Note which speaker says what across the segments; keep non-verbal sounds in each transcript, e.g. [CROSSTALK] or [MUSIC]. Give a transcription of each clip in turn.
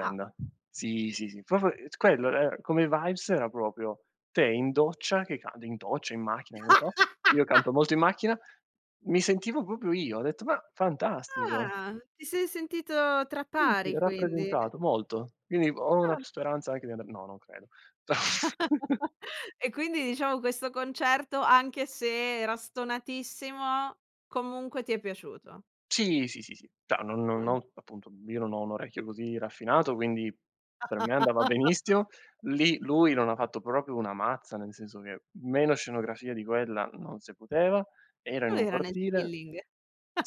Speaker 1: Ah.
Speaker 2: Sì, sì, sì, proprio, ehm, quello, ehm, come vibes era proprio te in doccia, che canti, in doccia, in macchina, che ne so. Io canto
Speaker 1: [LAUGHS]
Speaker 2: molto in macchina, mi sentivo proprio io, ho detto: "Ma, fantastico."
Speaker 1: Ah, ti sei sentito tra
Speaker 2: Sì sì,
Speaker 1: pari quindi.
Speaker 2: rappresentato molto. Quindi ho una
Speaker 1: Eh.
Speaker 2: speranza anche di andar no, non credo. [CHUCKLES]
Speaker 1: [LAUGHS] E quindi diciamo questo concerto, anche se era stonatissimo, comunque ti è piaciuto.
Speaker 2: Sì, sì, sì, sì. Cioè non non
Speaker 1: Eh.
Speaker 2: ho appunto io non ho un orecchio così raffinato, quindi per me andava
Speaker 1: [LAUGHS]
Speaker 2: benissimo. Lì lui non ha fatto proprio una mazza, nel senso che meno scenografia di quella non se poteva, era in
Speaker 1: Lui
Speaker 2: un
Speaker 1: era nel
Speaker 2: cortile
Speaker 1: chilling.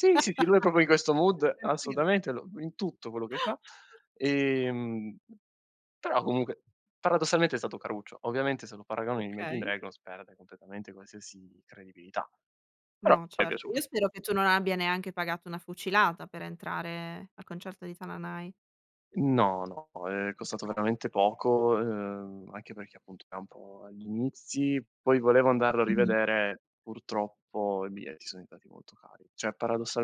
Speaker 2: sì, sì, lui è proprio di questo
Speaker 1: Lui è
Speaker 2: mood,
Speaker 1: tranquillo.
Speaker 2: assolutamente lo in tutto quello che fa. Ehm, però comunque paradossalmente è stato caruccio. Ovviamente se lo paragoni agli Imagine
Speaker 1: Okay.
Speaker 2: Dragons, perde completamente qualsiasi credibilità, però
Speaker 1: No,
Speaker 2: m'è
Speaker 1: certo,
Speaker 2: piaciuto.
Speaker 1: io spero che tu non abbia neanche pagato una fucilata per entrare al concerto di Tananai.
Speaker 2: No, no, è costato
Speaker 1: Oka
Speaker 2: veramente poco, ehm, anche perché appunto era un po' agli inizi, poi volevo andarlo a
Speaker 1: Mh-mh.
Speaker 2: rivedere, purtroppo i biglietti so diventati molto cari. Cioè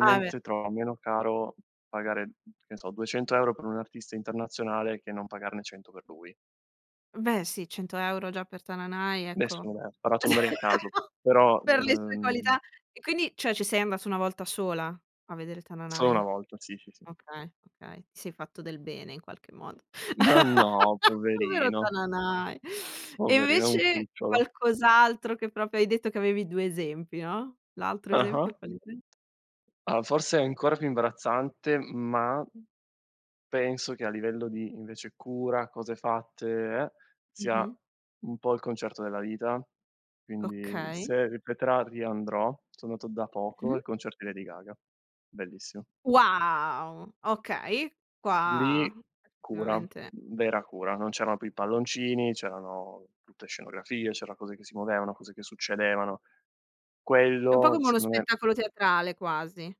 Speaker 1: Ah beh.
Speaker 2: trovo meno caro pagare, mhmm, che ne so, 200 € per un artista internazionale che non pagarne 100 per lui.
Speaker 1: Beh sì, 100 € già per Tananai, ecco,
Speaker 2: Nessuno, ehm, ha sparato numeri a caso,
Speaker 1: [LAUGHS]
Speaker 2: però v
Speaker 1: per le sue qualità.
Speaker 2: ehm
Speaker 1: E quindi cioè ci sei andato una volta sola a vedere
Speaker 2: Solo una
Speaker 1: Tananai?
Speaker 2: volta, sì, sì, sì.
Speaker 1: Okay, okay, sei fatto del bene in qualche modo.
Speaker 2: Ma no
Speaker 1: [LAUGHS] Povero
Speaker 2: poverino.
Speaker 1: Tananai. E
Speaker 2: Poverino è un
Speaker 1: invece
Speaker 2: cucciolo.
Speaker 1: qualcos'altro che proprio hai detto che avevi 2 esempi, no, l'altro
Speaker 2: Ah-ah.
Speaker 1: esempio qual era?
Speaker 2: Allora forse è ancora più imbarazzante ma penso che a livello di invece cura, cose fatte e eh, sia
Speaker 1: Mh-mh.
Speaker 2: un po' il concerto della vita. Quindi
Speaker 1: Okay.
Speaker 2: se ripeterà riandrò, so andato da poco
Speaker 1: Mh-mh.
Speaker 2: al concerto di Lady Gaga. Bellissimo.
Speaker 1: Wow okay, qua
Speaker 2: Lì cura,
Speaker 1: effettivamente
Speaker 2: vera cura, non c'erano più i palloncini, c'erano tutte scenografie, c'era cose che si muovevano, cose che succedevano.
Speaker 1: È un po'
Speaker 2: Quello
Speaker 1: come uno
Speaker 2: secondo me
Speaker 1: spettacolo teatrale quasi.